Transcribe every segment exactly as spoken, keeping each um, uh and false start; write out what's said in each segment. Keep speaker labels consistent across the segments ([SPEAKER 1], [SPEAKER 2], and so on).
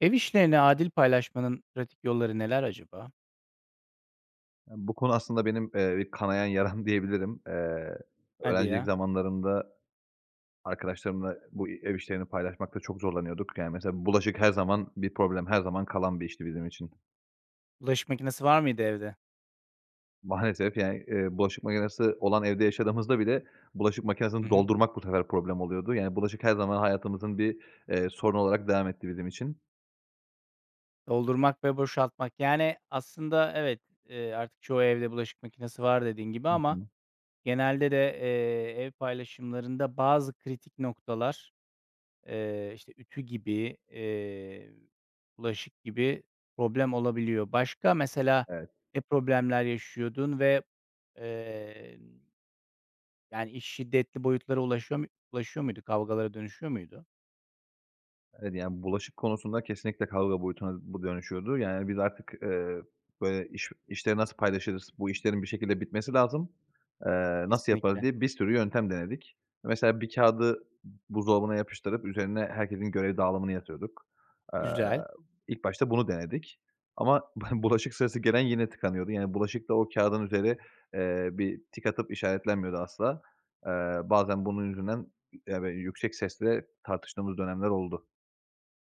[SPEAKER 1] Ev işlerini adil paylaşmanın pratik yolları neler acaba?
[SPEAKER 2] Ya bu konu aslında benim, ııı, bir kanayan yaram diyebilirim. Iıı,
[SPEAKER 1] Hadi
[SPEAKER 2] öğrencilik
[SPEAKER 1] ya.
[SPEAKER 2] zamanlarında arkadaşlarımla bu ev işlerini paylaşmakta çok zorlanıyorduk. Yani, mesela, bulaşık her zaman bir problem, her zaman kalan bir işti bizim için.
[SPEAKER 1] Bulaşık makinesi var mıydı evde?
[SPEAKER 2] Maalesef, yani, ııı, bulaşık makinesi olan evde yaşadığımızda bile bulaşık
[SPEAKER 1] Hı
[SPEAKER 2] makinesini
[SPEAKER 1] hı.
[SPEAKER 2] doldurmak bu sefer problem oluyordu. Yani bulaşık her zaman hayatımızın bir, ııı, sorunu olarak devam etti bizim için.
[SPEAKER 1] Doldurmak ve boşaltmak. Yani, aslında, evet, ııı, artık çoğu evde bulaşık makinesi var dediğin gibi
[SPEAKER 2] Hı
[SPEAKER 1] ama
[SPEAKER 2] hı.
[SPEAKER 1] genelde de, ııı, ev paylaşımlarında bazı kritik noktalar, ııı, işte, ütü gibi, ııı, bulaşık gibi problem olabiliyor. Başka mesela
[SPEAKER 2] Evet.
[SPEAKER 1] ne problemler yaşıyordun ve, emm Yani, iş şiddetli boyutlara ulaşıyor mu ulaşıyor muydu? Kavgalara dönüşüyor muydu?
[SPEAKER 2] Evet, yani, bulaşık konusunda kesinlikle kavga boyutuna bu dönüşüyordu. Yani, biz artık, ııı, böyle, "İş işleri nasıl paylaşırız, bu işlerin bir şekilde bitmesi lazım, ııı, nasıl yaparız?"
[SPEAKER 1] Kesinlikle.
[SPEAKER 2] diye bir sürü yöntem denedik. Mesela bir kâğıdı b buzdolabına yapıştırıp üzerine herkesin görev dağılımını yazıyorduk. Iıı,
[SPEAKER 1] Güzel.
[SPEAKER 2] ilk başta bunu denedik ama b bulaşık sırası gelen yine tıkanıyordu. Yani bulaşık da o kâğıdın üzeri, ııı, bir tik atıp işaretlenmiyordu asla. Iıı, bazen bunun yüzünden, ya, böyle, yüksek sesle tartıştığımız dönemler oldu.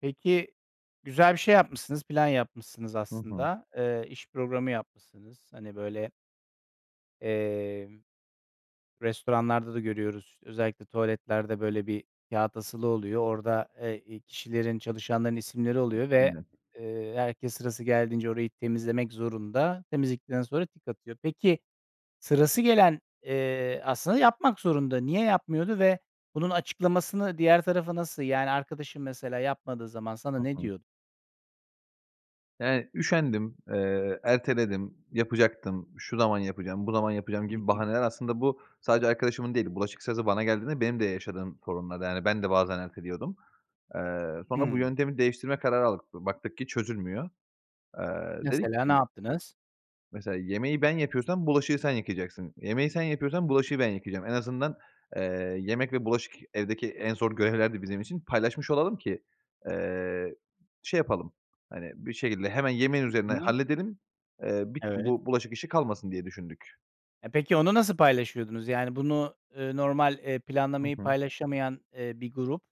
[SPEAKER 1] Peki, güzel bir şey yapmışsınız, plan yapmışsınız
[SPEAKER 2] Hı hı.
[SPEAKER 1] aslında. Eee, iş programı yapmışsınız. Hani, böyle, eee, restoranlarda da görüyoruz. İşte, özellikle tuvaletlerde böyle bir kâğıt asılı oluyor. Orada e i kişilerin, çalışanların isimleri oluyor ve,
[SPEAKER 2] [unintelligible]
[SPEAKER 1] eee, herkes sırası geldiğince orayı temizlemek zorunda. Temizledikten sonra tik atıyor. Peki, sırası gelen, eee, aslında yapmak zorunda. Niye yapmıyordu ve bunun açıklamasını diğer tarafa nasıl Yani, arkadaşın mesela yapmadığı zaman sana
[SPEAKER 2] Hı
[SPEAKER 1] ne
[SPEAKER 2] hı.
[SPEAKER 1] diyor?
[SPEAKER 2] Yani, üşendim, eee, erteledim, "Yapacaktım, şu zaman yapacağım, bu zaman yapacağım."
[SPEAKER 1] Hı
[SPEAKER 2] gibi
[SPEAKER 1] hı.
[SPEAKER 2] bahaneler aslında bu sadece arkadaşımın değil, bulaşık sırası bana geldiğinde benim de yaşadığım sorunlardı. Yani, ben de bazen erteliyordum. Eee, sonra bu
[SPEAKER 1] Hıı.
[SPEAKER 2] yöntemi değiştirme kararı aldık. Baktık ki çözülmüyor. Eee, dedik
[SPEAKER 1] Mesela ne
[SPEAKER 2] ki
[SPEAKER 1] yaptınız?
[SPEAKER 2] "Mesela yemeği ben yapıyorsam bulaşığı sen yıkayacaksın. Yemeği sen yapıyorsam bulaşığı ben yıkayacağım. En azından, eee, yemek ve bulaşık evdeki en zor görevlerdi bizim için, paylaşmış olalım ki, eee, şey yapalım, hani, bir şekilde hemen yemeğin üzerine
[SPEAKER 1] Hı hı.
[SPEAKER 2] halledelim, eee, bi
[SPEAKER 1] Evet.
[SPEAKER 2] bu bulaşık işi kalmasın." diye düşündük.
[SPEAKER 1] E, peki, onu nasıl paylaşıyordunuz? Yani, bunu, ııı, normal, eee,
[SPEAKER 2] Hı
[SPEAKER 1] planlamayı
[SPEAKER 2] hı.
[SPEAKER 1] paylaşamayan, iii, bir grup,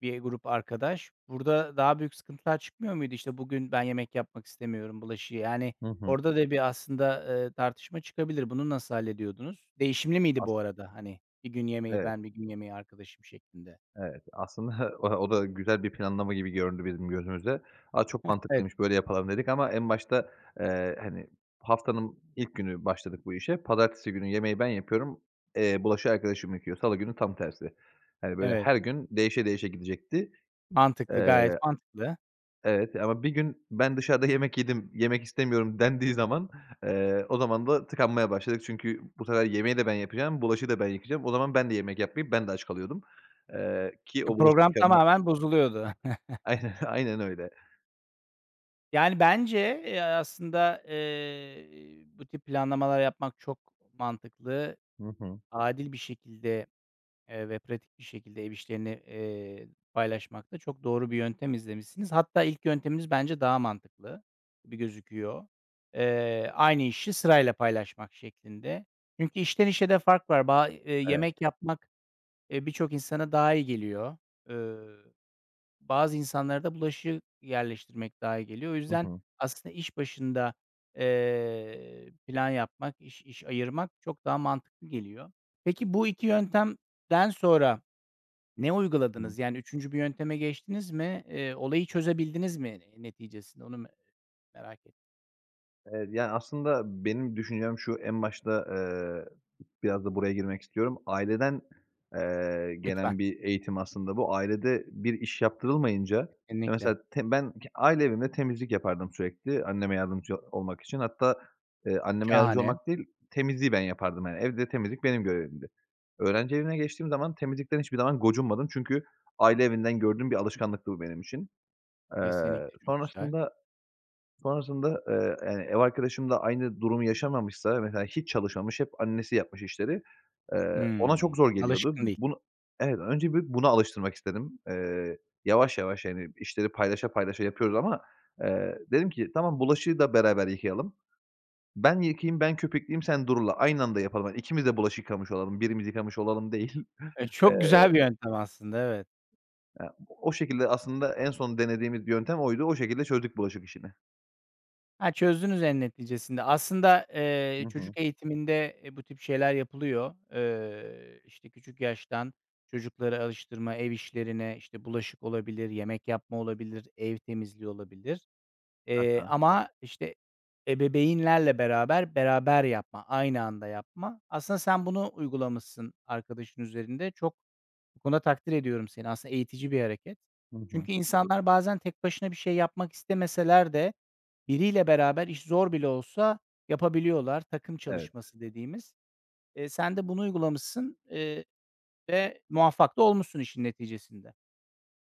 [SPEAKER 1] bir grup arkadaş burada daha büyük sıkıntılar çıkmıyor muydu? İşte, "Bugün ben yemek yapmak istemiyorum bulaşığı." Yani
[SPEAKER 2] Hı hı.
[SPEAKER 1] orada da bir aslında tartışma çıkabilir. Bunu nasıl hallediyordunuz? Değişimli miydi
[SPEAKER 2] [unintelligible]
[SPEAKER 1] bu arada, hani, bir gün yemeği
[SPEAKER 2] Evet.
[SPEAKER 1] ben, bir gün yemeği arkadaşım, şeklinde?
[SPEAKER 2] Evet. Aslında o da güzel bir planlama gibi göründü bizim gözümüzde. "A, çok
[SPEAKER 1] Hıh, evet.
[SPEAKER 2] mantıklıymış, böyle yapalım." dedik ama en başta, ııı, hani haftanın ilk günü başladık bu işe. Pazartesi günü yemeği ben yapıyorum, eee, bulaşığı arkadaşım yıkıyor, salı günü tam tersi. Hani, böyle
[SPEAKER 1] Evet.
[SPEAKER 2] her gün değişe değişe gidecekti.
[SPEAKER 1] Mantıklı, gayet
[SPEAKER 2] Iıı,
[SPEAKER 1] mantıklı.
[SPEAKER 2] evet, ama "Bir gün ben dışarıda yemek yedim, yemek istemiyorum." dendiği zaman, ııı, o zaman da tıkanmaya başladık çünkü bu sefer yemeği de ben yapacağım, bulaşığı da ben yıkayacağım. O zaman ben de yemek yapmayıp, ben de aç kalıyordum, ııı, ki
[SPEAKER 1] E,
[SPEAKER 2] o bulaşık
[SPEAKER 1] program
[SPEAKER 2] yıkama
[SPEAKER 1] tamamen bozuluyordu.
[SPEAKER 2] Ay aynen, aynen öyle.
[SPEAKER 1] Yani, bence, e, aslında, ııı, bu tip planlamalar yapmak çok mantıklı.
[SPEAKER 2] Hı hı.
[SPEAKER 1] Adil bir şekilde, ııı, ve pratik bir şekilde ev işlerini, eee, paylaşmakta çok doğru bir yöntem izlemişsiniz. Hatta, ilk yönteminiz bence daha mantıklı gibi gözüküyor. Eee, aynı işi sırayla paylaşmak şeklinde. Çünkü işten işe de fark var. Ba e
[SPEAKER 2] Evet.
[SPEAKER 1] yemek yapmak, e, birçok insana daha iyi geliyor. Iıı, bazı insanlara da bulaşık yerleştirmek daha iyi geliyor. O
[SPEAKER 2] Hı
[SPEAKER 1] yüzden
[SPEAKER 2] hı.
[SPEAKER 1] aslında iş başında, ııı, plan yapmak, iş iş ayırmak çok daha mantıklı geliyor. Peki, bu iki yöntemden sonra ne
[SPEAKER 2] Hıı.
[SPEAKER 1] uyguladınız? Yani üçüncü bir yönteme geçtiniz mi? Iıı, olayı çözebildiniz mi neticesinde? Onu me merak ettim.
[SPEAKER 2] Evet, yani, aslında benim düşüncem şu: En başta, eee, biraz da buraya girmek istiyorum. Aileden eee,
[SPEAKER 1] Lütfen.
[SPEAKER 2] gelen bir eğitim aslında bu. Ailede bir iş yaptırılmayınca, ya,
[SPEAKER 1] Kesinlikle.
[SPEAKER 2] mesela te ben k aile evimde temizlik yapardım sürekli anneme yardımcı olmak için. Hatta, eee, anneme yardımcı
[SPEAKER 1] Şahane.
[SPEAKER 2] olmak değil, temizliği ben yapardım, yani, evde temizlik benim görevimdi. Öğrenci evine geçtiğim zaman temizlikten hiçbir zaman gocunmadım çünkü aile evinden gördüğüm bir alışkanlıktı bu benim için. Iıı,
[SPEAKER 1] Kesinlikle, çok güzel.
[SPEAKER 2] sonrasında, sonrasında, ııı, yani, ev arkadaşım da aynı durumu yaşamamışti. Mesela, hiç çalışmamış, hep annesi yapmış işleri, eee, ona çok
[SPEAKER 1] Hımm.
[SPEAKER 2] zor geliyordu.
[SPEAKER 1] Alışkın değil.
[SPEAKER 2] Bunu, evet, önce bir bunu alıştırmak istedim. Iıı, yavaş yavaş, yani, işleri paylaşa paylaşa yapıyoruz ama, eee, dedim ki, "Tamam, bulaşığı da beraber yıkayalım. Ben yıkayayım, ben köpükleyeyim, sen durula. Aynı anda yapalım. Hani, ikimiz de bulaşık yıkamış olalım, birimiz yıkamış olalım değil."
[SPEAKER 1] E,
[SPEAKER 2] Eee
[SPEAKER 1] çok güzel bir yöntem aslında, evet.
[SPEAKER 2] Ya, o şekilde aslında en son denediğimiz yöntem oydu. O şekilde çözdük bulaşık işini.
[SPEAKER 1] Ha, çözdünüz en neticesinde. Aslında, eee,
[SPEAKER 2] Hı hı.
[SPEAKER 1] çocuk eğitiminde, e, bu tip şeyler yapılıyor. Eee, işte küçük yaştan çocukları alıştırma, ev işlerine, işte, bulaşık olabilir, yemek yapma olabilir, ev temizliği olabilir.
[SPEAKER 2] Hı
[SPEAKER 1] Eee,
[SPEAKER 2] hı.
[SPEAKER 1] ama işte ebebeynlerle beraber, beraber yapma, aynı anda yapma. Aslında sen bunu uygulamışsın arkadaşın üzerinde. Çok bu konuda takdir ediyorum seni. Aslında eğitici bir hareket.
[SPEAKER 2] Hı hı.
[SPEAKER 1] Çünkü insanlar bazen tek başına bir şey yapmak istemeseler de biriyle beraber iş zor bile olsa yapabiliyorlar. Takım
[SPEAKER 2] Evet.
[SPEAKER 1] çalışması dediğimiz. Eee, sen de bunu uygulamışsın, eee, ve muvaffak da olmuşsun işin neticesinde.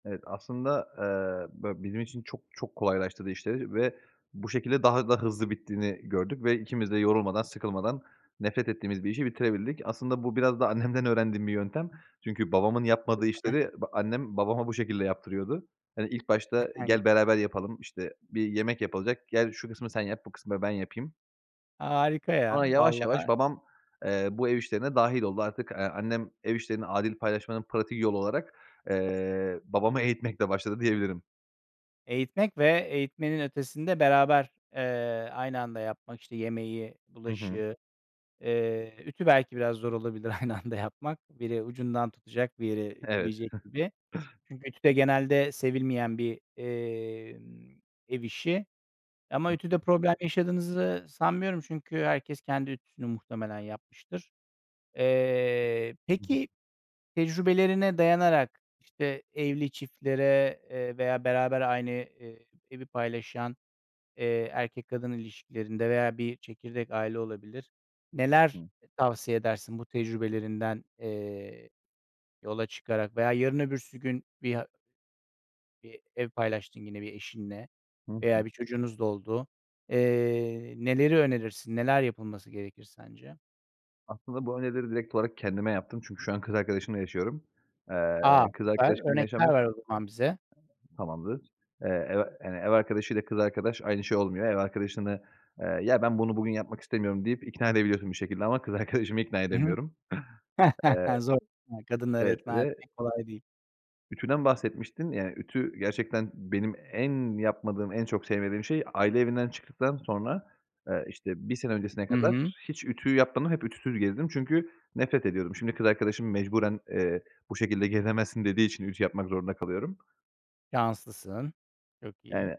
[SPEAKER 2] Evet. Aslında, eee, böyle, bizim için çok çok kolaylaştırdı işleri ve bu şekilde daha da hızlı bittiğini gördük ve ikimiz de yorulmadan sıkılmadan nefret ettiğimiz bir işi bitirebildik. Aslında bu biraz da annemden öğrendiğim bir yöntem çünkü babamın yapmadığı
[SPEAKER 1] [unintelligible]
[SPEAKER 2] işleri b annem babama bu şekilde yaptırıyordu. Hani, ilk
[SPEAKER 1] Eh,
[SPEAKER 2] başta
[SPEAKER 1] hani
[SPEAKER 2] "Gel beraber yapalım." işte, bir yemek yapılacak, "Gel şu kısmı sen yap, bu kısmı ben yapayım."
[SPEAKER 1] Harika ya,
[SPEAKER 2] Ama yavaş yavaş
[SPEAKER 1] vallaha.
[SPEAKER 2] babam, eee, bu ev işlerine dâhil oldu. Artık, eee, annem ev işlerini adil paylaşmanın pratik yolu olarak, eee, babamı eğitmekle başladı diyebilirim.
[SPEAKER 1] Eğitmek ve eğitmenin ötesinde beraber, eee, aynı anda yapmak, işte, yemeği,
[SPEAKER 2] Hı hı.
[SPEAKER 1] bulaşığı, eee, ütü belki biraz zor olabilir aynı anda yapmak. Biri ucundan tutacak, biri
[SPEAKER 2] Evet.
[SPEAKER 1] ütüleyecek
[SPEAKER 2] Hı hı.
[SPEAKER 1] gibi. Çünkü ütü de genelde sevilmeyen bir, emm, ev işi.
[SPEAKER 2] Hı
[SPEAKER 1] Ama
[SPEAKER 2] hı.
[SPEAKER 1] ütüde problem yaşadığınızı sanmıyorum. Çünkü herkes kendi ütüsünü muhtemelen yapmıştır. Eee,
[SPEAKER 2] Hı hı.
[SPEAKER 1] peki, tecrübelerine dayanarak, işte, evli çiftlere, eee, veya beraber aynı, eee, evi paylaşan, eee, erkek kadın ilişkilerinde veya bir çekirdek aile olabilir,
[SPEAKER 2] Hı
[SPEAKER 1] neler
[SPEAKER 2] hı.
[SPEAKER 1] tavsiye edersin bu tecrübelerinden, eee, yola çıkarak? Veya yarın öbürsü gün bir a Eee, ev paylaştın yine bir eşinle
[SPEAKER 2] Hı hı.
[SPEAKER 1] veya bir çocuğunuz da oldu. Eee, neleri önerirsin? Neler yapılması gerekir sence?
[SPEAKER 2] Aslında bu önerileri direkt olarak kendime yaptım çünkü şu an kız arkadaşımla yaşıyorum.
[SPEAKER 1] A,
[SPEAKER 2] Eee, kız
[SPEAKER 1] süper!
[SPEAKER 2] arkadaşımla
[SPEAKER 1] Örnekler
[SPEAKER 2] yaşamıyork
[SPEAKER 1] ver o zaman bize.
[SPEAKER 2] Tamamdır. Eee, ev a hani, ev arkadaşıyla kız arkadaş aynı şey olmuyor. Ev arkadaşını, ııı, "Ya ben bunu bugün yapmak istemiyorum." deyip ikna edebiliyorsun bir şekilde ama kız arkadaşımı ikna
[SPEAKER 1] Hı hı.
[SPEAKER 2] edemiyorum. Eee
[SPEAKER 1] Zor [unintelligible] kadınları
[SPEAKER 2] Evet.
[SPEAKER 1] ikna
[SPEAKER 2] Ve
[SPEAKER 1] etmek kolay değil.
[SPEAKER 2] Ütüden bahsetmiştin. Yani, ütü gerçekten benim en yapmadığım, en çok sevmediğim şey. Aile evinden çıktıktan sonra, ııı, işte, bir sene öncesine
[SPEAKER 1] Hı
[SPEAKER 2] kadar
[SPEAKER 1] hı.
[SPEAKER 2] hiç ütü yapmadım. Hep ütüsüz gezdim çünkü nefret ediyordum. Şimdi kız arkadaşım mecburen, eee, "Bu şekilde gezemezsin." dediği için ütü yapmak zorunda kalıyorum.
[SPEAKER 1] Şanslısın. Çok iyi.
[SPEAKER 2] Yani,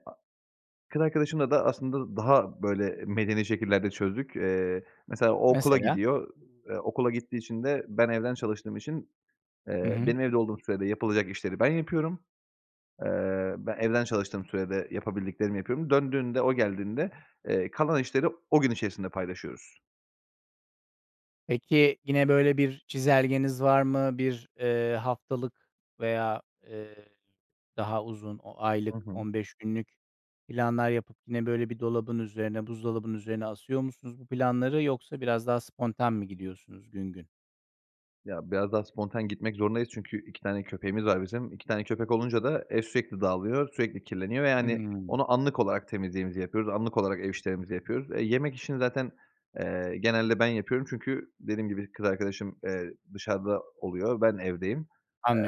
[SPEAKER 2] kız arkadaşımla da aslında daha, böyle, medeni şekillerde çözdük. Eee, mesela o okula
[SPEAKER 1] Mesela?
[SPEAKER 2] gidiyor, eee, okula gittiği için de ben evden çalıştığım için,
[SPEAKER 1] Hı
[SPEAKER 2] eee,
[SPEAKER 1] hı.
[SPEAKER 2] benim evde olduğum sürede yapılacak işleri ben yapıyorum. Iıı, ben evden çalıştığım sürede yapabildiklerimi yapıyorum. Döndüğünde, o geldiğinde, eee, kalan işleri o gün içerisinde paylaşıyoruz.
[SPEAKER 1] Peki, yine böyle bir çizelgeniz var mı? Bir, eee, haftalık veya, eee, daha uzun, o aylık,
[SPEAKER 2] Hı hı.
[SPEAKER 1] on beş günlük planlar yapıp yine böyle bir dolabın üzerine, buzdolabın üzerine asıyor musunuz bu planları yoksa biraz daha spontan mı gidiyorsunuz gün gün?
[SPEAKER 2] Ya, biraz daha spontan gitmek zorundayız çünkü iki tane köpeğimiz var bizim. iki tane köpek olunca da ev sürekli dağılıyor, sürekli kirleniyor ve, yani,
[SPEAKER 1] Hıı.
[SPEAKER 2] onu anlık olarak temizliğimizi yapıyoruz, anlık olarak ev işlerimizi yapıyoruz. E, yemek işini zaten, eee, genelde ben yapıyorum çünkü dediğim gibi kız arkadaşım, eee, dışarıda oluyor, ben evdeyim.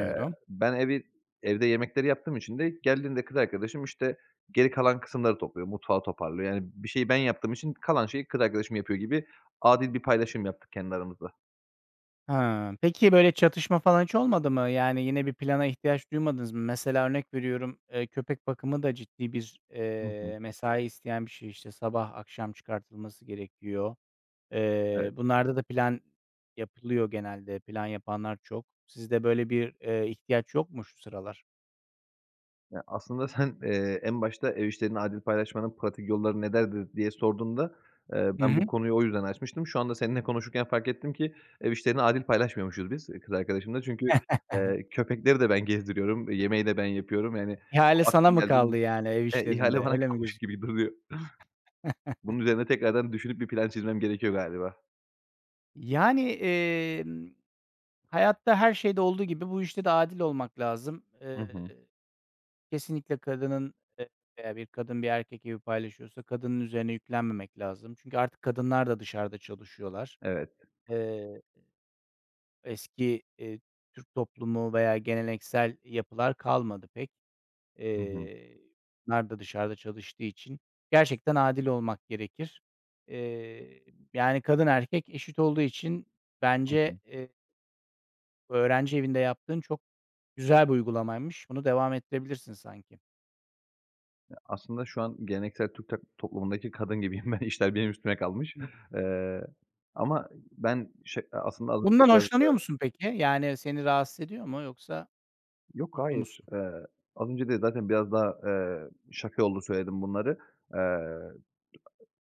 [SPEAKER 2] Eee, ben evi evde yemekleri yaptığım için de geldiğinde kız arkadaşım, işte, geri kalan kısımları topluyor, mutfağı toparlıyor. Yani, bir şeyi ben yaptığım için kalan şeyi kız arkadaşım yapıyor gibi adil bir paylaşım yaptık kendi aramızda.
[SPEAKER 1] Ha, peki, böyle çatışma falan hiç olmadı mı? Yani, yine bir plana ihtiyaç duymadınız mı? Mesela örnek veriyorum, eee, köpek bakımı da ciddi bir,
[SPEAKER 2] Hı hı.
[SPEAKER 1] eee, mesai isteyen bir şey. İşte, sabah akşam çıkartılması gerekiyor. Eee,
[SPEAKER 2] Evet.
[SPEAKER 1] bunlarda da plan yapılıyor genelde. Plan yapanlar çok. Sizde böyle bir, eee, ihtiyaç yok mu şu sıralar?
[SPEAKER 2] Ya, aslında sen, eee, en başta "Ev işlerini adil paylaşmanın pratik yolları nelerdir?" diye sorduğunda, eee,
[SPEAKER 1] Hı
[SPEAKER 2] ben bu
[SPEAKER 1] hı.
[SPEAKER 2] konuyu o yüzden açmıştım. Şu anda seninle konuşurken fark ettim ki ev işlerini adil paylaşmıyormuşuz biz kız arkadaşımla çünkü, eee, köpekleri de ben gezdiriyorum, yemeği de ben yapıyorum, yani,
[SPEAKER 1] İhale
[SPEAKER 2] o
[SPEAKER 1] sana
[SPEAKER 2] akşam
[SPEAKER 1] mı
[SPEAKER 2] geldiğimde
[SPEAKER 1] kaldı, yani, ev
[SPEAKER 2] e, ihale
[SPEAKER 1] işlerinde,
[SPEAKER 2] bana
[SPEAKER 1] öyle mi
[SPEAKER 2] kalmış
[SPEAKER 1] gözü
[SPEAKER 2] gibi duruyor. Bunun üzerine tekrardan düşünüp bir plan çizmem gerekiyor galiba.
[SPEAKER 1] Yani, emm, hayatta her şeyde olduğu gibi bu işte de adil olmak lazım.
[SPEAKER 2] Hı
[SPEAKER 1] Eee,
[SPEAKER 2] hı.
[SPEAKER 1] kesinlikle kadının, e veya bir kadın bir erkek evi paylaşıyorsa kadının üzerine yüklenmemek lazım. Çünkü artık kadınlar da dışarıda çalışıyorlar.
[SPEAKER 2] Evet.
[SPEAKER 1] Eee Eski, eee, Türk toplumu veya geleneksel yapılar kalmadı pek
[SPEAKER 2] Hı hı.
[SPEAKER 1] eee, kadınlar da dışarıda çalıştığı için. Gerçekten adil olmak gerekir. Eee, yani, kadın erkek eşit olduğu için
[SPEAKER 2] Hı hı.
[SPEAKER 1] bence, eee öğrenci evinde yaptığın çok güzel bir uygulamaymış. Bunu devam ettirebilirsin sanki.
[SPEAKER 2] Ya, aslında şu an geleneksel Türk tok toplumundaki kadın gibiyim ben. İşler benim üstüme kalmış,
[SPEAKER 1] Hı.
[SPEAKER 2] eee, ama ben şey a aslında az önce
[SPEAKER 1] Bundan
[SPEAKER 2] biraz
[SPEAKER 1] hoşlanıyor
[SPEAKER 2] da
[SPEAKER 1] musun peki? Yani, seni rahatsız ediyor mu, yoksa
[SPEAKER 2] Yok,
[SPEAKER 1] mutlu
[SPEAKER 2] hayır.
[SPEAKER 1] musun?
[SPEAKER 2] Eee, az önce de zaten biraz daha, eee, şaka yollu söyledim bunları, eee,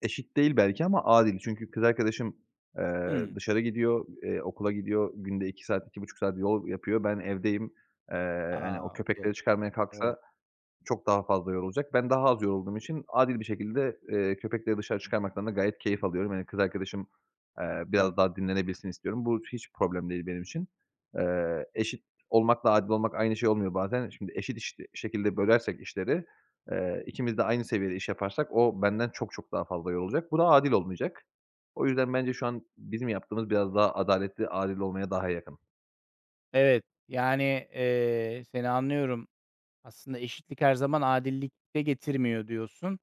[SPEAKER 2] eşit değil belki ama adil. Çünkü kız arkadaşım, eee,
[SPEAKER 1] Hımm.
[SPEAKER 2] dışarı gidiyor, eee, okula gidiyor, günde iki saat, iki buçuk saat yol yapıyor. Ben evdeyim, eee, hani, o
[SPEAKER 1] A,
[SPEAKER 2] köpekleri
[SPEAKER 1] okay
[SPEAKER 2] çıkarmaya
[SPEAKER 1] evet.
[SPEAKER 2] kalksa çok daha fazla yorulacak. Ben daha az yorulduğum için adil bir şekilde, eee, köpekleri dışarı çıkarmaktan da gayet keyif alıyorum. Hani, kız arkadaşım, eee, biraz
[SPEAKER 1] Anladım.
[SPEAKER 2] daha dinlenebilsin istiyorum. Bu hiç problem değil benim için, eee, eşit olmakla adil olmak aynı şey olmuyor bazen. E, şimdi eşit iş şekilde bölersek işleri, eee, ikimiz de aynı seviyede iş yaparsak o benden çok çok daha fazla yorulacak. Bu da adil olmayacak. O yüzden bence şu an bizim yaptığımız biraz daha adaletli. Adil olmaya daha yakın.
[SPEAKER 1] Evet, yani, eee, seni anlıyorum. Aslında eşitlik her zaman adillik de getirmiyor diyorsun,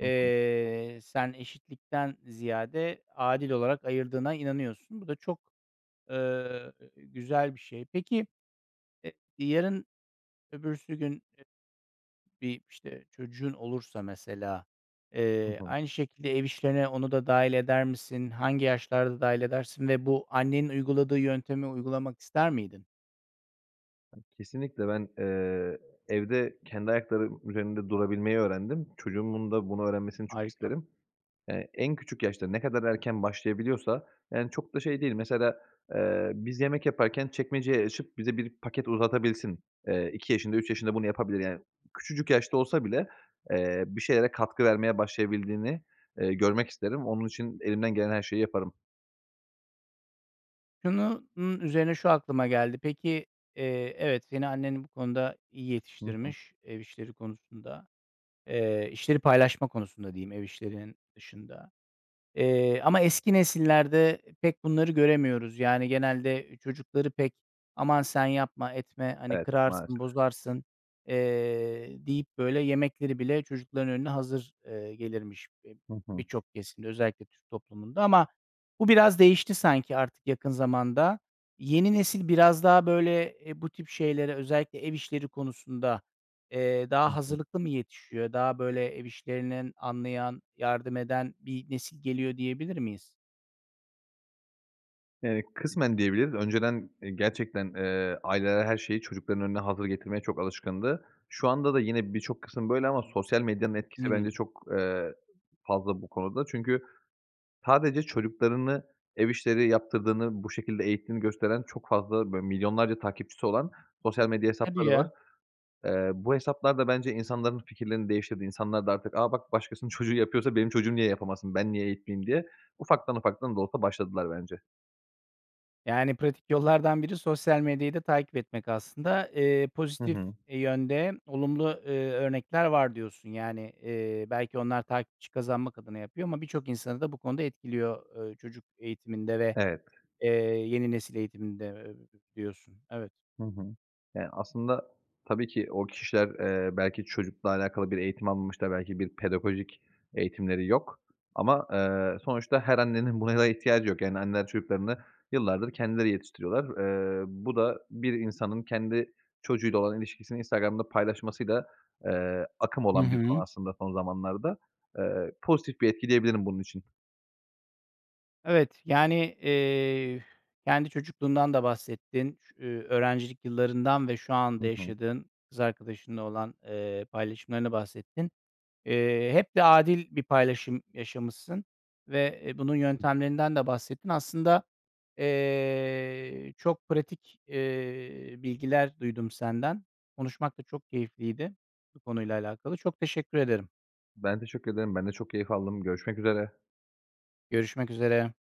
[SPEAKER 2] Hı hı.
[SPEAKER 1] sen eşitlikten ziyade adil olarak ayırdığına inanıyorsun. Bu da çok, ııı, güzel bir şey. Peki, e yarın öbürsü gün, eee, bir, işte, çocuğun olursa, mesela,
[SPEAKER 2] Hı
[SPEAKER 1] eee,
[SPEAKER 2] hı.
[SPEAKER 1] aynı şekilde ev işlerine onu da dâhil eder misin? Hangi yaşlarda dâhil edersin? Ve bu annenin uyguladığı yöntemi uygulamak ister miydin?
[SPEAKER 2] Kesinlikle ben, eee, evde kendi ayaklarım üzerinde durabilmeyi öğrendim. Çocuğumun da bunu öğrenmesini çok
[SPEAKER 1] Harika.
[SPEAKER 2] isterim. Eee, en küçük yaşta ne kadar erken başlayabiliyorsa yani çok da şey değil mesela, eee, biz yemek yaparken çekmeceyi açıp bize bir paket uzatabilsin, eee, iki yaşında, üç yaşında bunu yapabilir yani. Küçücük yaşta olsa bile, eee, bir şeylere katkı vermeye başlayabildiğini, eee, görmek isterim. Onun için elimden gelen her şeyi yaparım.
[SPEAKER 1] Şunu n üzerine şu aklıma geldi. Peki, eee, evet, seni annen bu konuda iyi
[SPEAKER 2] Hı hı.
[SPEAKER 1] yetiştirmiş ev işleri konusunda, eee, işleri paylaşma konusunda diyeyim, ev işlerinin dışında. Eee, ama eski nesillerde pek bunları göremiyoruz. Yani, genelde çocukları pek, "Aman, sen yapma, etme, hani,
[SPEAKER 2] Evet,
[SPEAKER 1] kırarsın,
[SPEAKER 2] maalesef.
[SPEAKER 1] bozarsın." eee, deyip böyle yemekleri bile çocukların önüne hazır, eee, gelirmiş b
[SPEAKER 2] Hı hı.
[SPEAKER 1] birçok kesimde, özellikle Türk toplumunda. Ama bu biraz değişti sanki artık yakın zamanda. Yeni nesil biraz daha böyle, eee, bu tip şeylere özellikle ev işleri konusunda, eee,
[SPEAKER 2] Hı
[SPEAKER 1] daha
[SPEAKER 2] hı.
[SPEAKER 1] hazırlıklı mı yetişiyor? Daha böyle ev işlerinin anlayan, yardım eden bir nesil geliyor diyebilir miyiz?
[SPEAKER 2] Eee, kısmen diyebiliriz. Önceden, eee, gerçekten, eee, aileler her şeyi çocukların önüne hazır getirmeye çok alışkındı. Şu anda da yine birçok kısım böyle ama sosyal medyanın etkisi
[SPEAKER 1] Hımm.
[SPEAKER 2] bence çok, eee, [unintelligible] fazla bu konuda. Çünkü sadece çocuklarını ev işleri yaptırdığını, bu şekilde eğittiğini gösteren çok fazla, böyle, milyonlarca takipçisi olan sosyal medya
[SPEAKER 1] Hadi
[SPEAKER 2] hesapları var.
[SPEAKER 1] ya!
[SPEAKER 2] Eee, bu hesaplar da bence insanların fikirlerini değiştirdi. İnsanlar da artık "A, bak, başkasının çocuğu yapıyorsa benim çocuğum niye yapamasın? Ben niye eğitmeyeyim?" diye ufaktan ufaktan da olsa başladılar bence.
[SPEAKER 1] Yani, pratik yollardan biri sosyal medyayı da takip etmek aslında. Eee,
[SPEAKER 2] Hı
[SPEAKER 1] pozitif
[SPEAKER 2] hı.
[SPEAKER 1] yönde olumlu, eee, örnekler var diyorsun. Yani, eee, belki onlar takipçi kazanmak adına yapıyor ama birçok insanı da bu konuda etkiliyor, eee, çocuk eğitiminde ve,
[SPEAKER 2] Evet.
[SPEAKER 1] eee, yeni nesil eğitiminde, eee, biliyorsun. Evet.
[SPEAKER 2] Hı hı. Eee, aslında tabii ki o kişiler, eee, belki çocukla alakalı bir eğitim almamış da belki bir pedagojik eğitimleri yok ama, eee, sonuçta her annenin buna da ihtiyacı yok, yani, anneler çocuklarını yıllardır kendileri yetiştiriyorlar. Eee, bu da bir insanın kendi çocuğuyla olan ilişkisini Instagram'da paylaşmasıyla, eee, akım
[SPEAKER 1] Hı
[SPEAKER 2] olan bir konu
[SPEAKER 1] hı.
[SPEAKER 2] aslında son zamanlarda. Eee, pozitif bir etki diyebilirim bunun için.
[SPEAKER 1] Evet, yani, eee, kendi çocukluğundan da bahsettin. Ş eee, öğrencilik yıllarından ve şu
[SPEAKER 2] Hı
[SPEAKER 1] anda
[SPEAKER 2] hı.
[SPEAKER 1] yaşadığın kız arkadaşınla olan, eee, paylaşımlarından bahsettin. Eee, hep de adil bir paylaşım yaşamışsın ve, eee, bunun yöntemlerinden de bahsettin. Aslında, eee, çok pratik, eee, bilgiler duydum senden. Konuşmak da çok keyifliydi bu konuyla alakalı. Çok teşekkür ederim.
[SPEAKER 2] Ben teşekkür ederim. Ben de çok keyif aldım. Görüşmek üzere.
[SPEAKER 1] Görüşmek üzere.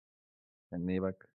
[SPEAKER 2] Kendine iyi bak.